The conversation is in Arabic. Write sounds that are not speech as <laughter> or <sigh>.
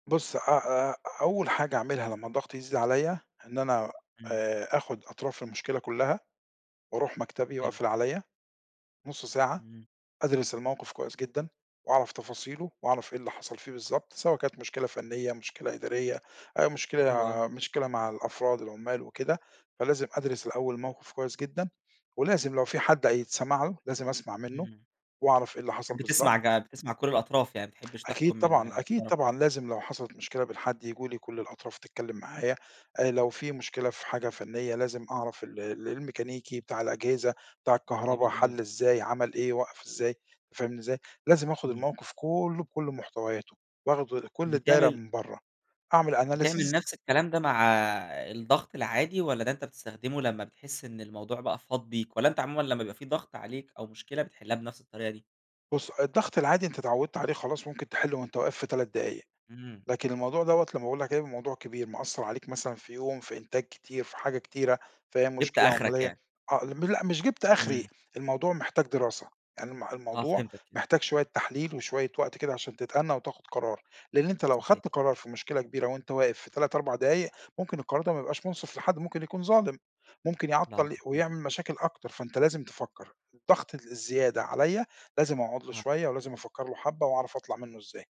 بُص، أ أ أول حاجة أعملها لمّا الضغط يزيد عليّا، إن أنا إمم. آآ آخُد أطراف المشكلة كُلّها وأروح مكتبي حلو. وأقفل عليّا نُص ساعة، إمم. أدرس الموقف كويس جدًا وأعرف تفاصيله وأعرف إيه اللي حصل فيه بالضبط، سواء كانت مشكلة فَنيّة، مشكلة إدارية آآ حلو أوي. مشكلة مشكلة مع الأفراد، العُمّال وكده، فلازم أدرس الأول الموقف كويس جدًا ولازم لو في حد هيتسمع له لازم أسمع منّه إمم. وأعرف إيه اللي حصل بالضب بتسمع ج بتسمع كل الأطراف، يعني ما بتحبّش أكيد تحكُم من طبعًا، أكيد طرف طبعًا. واحد. لازم لو حصلت مشكلة من حد ييجوا لي كل الأطراف تتكلّم معايا. آآ لو في مشكلة في حاجة فنيّة لازم أعرف ال ال الميكانيكي بتاع الأجهزة، بتاع الكهربا جميل <unintelligible> حَل إزاي، عمل إيه، وقف إزاي، فاهمني إزاي؟ لازم آخُد إمم. الموقف كُلّه بكل محتوياته وآخُد كل الدايرة بتعمل من برّه، أعمل بتعمل analysis نَفْس الكلام ده مع الضغط العادي والّا ده أنت بتستخدمه لمّا بتحِس إن الموضوع بقى فاض بيك والّا أنت عمومًا لمّا بيبقى في ضغْط عليك أو مشكلة، بتحلّها بنَفْس الطريقة دي؟ بُص، الضغط العادي أنت اتعوّدت عليه خلاص ممكن تحِلّه وأنت واقف في 3 دقايق. إمم. لكن الموضوع دوَّة لمّا باقول لك هيبقي الموضوع كبير مأثّر عليك مثلًا في يوم، في إنتاج كتير، في حاجة كتيرة، في أى جِبت مشكلة آخرك عملية، يعني. آه ل م لأ مش جِبت أخري، إمم. الموضوع محتاج دراسة. يعني الم آه الموضوع فهمتك كده. محتاج شوية تحليل وشوية وقت كده عشان تتأنّى وتاخُد قرار، لإن أنت لو صحيح. أخدت قرار في مشكلة كبيرة وأنت واقف في 3، 4 دقايق، ممكن القرار ده ما يبقاش مُنصِف لحد، ممكن يكون ظالم، ممكن نعم يعطّل صحيح. ويعمل مشاكل أكتر، فأنت لازم تفكّر. الضغط الزيادة عليّا، لازم أقعد له آه. شوية ولازم أفكّر له حبّة وأعرف أطلع منّه إزاي.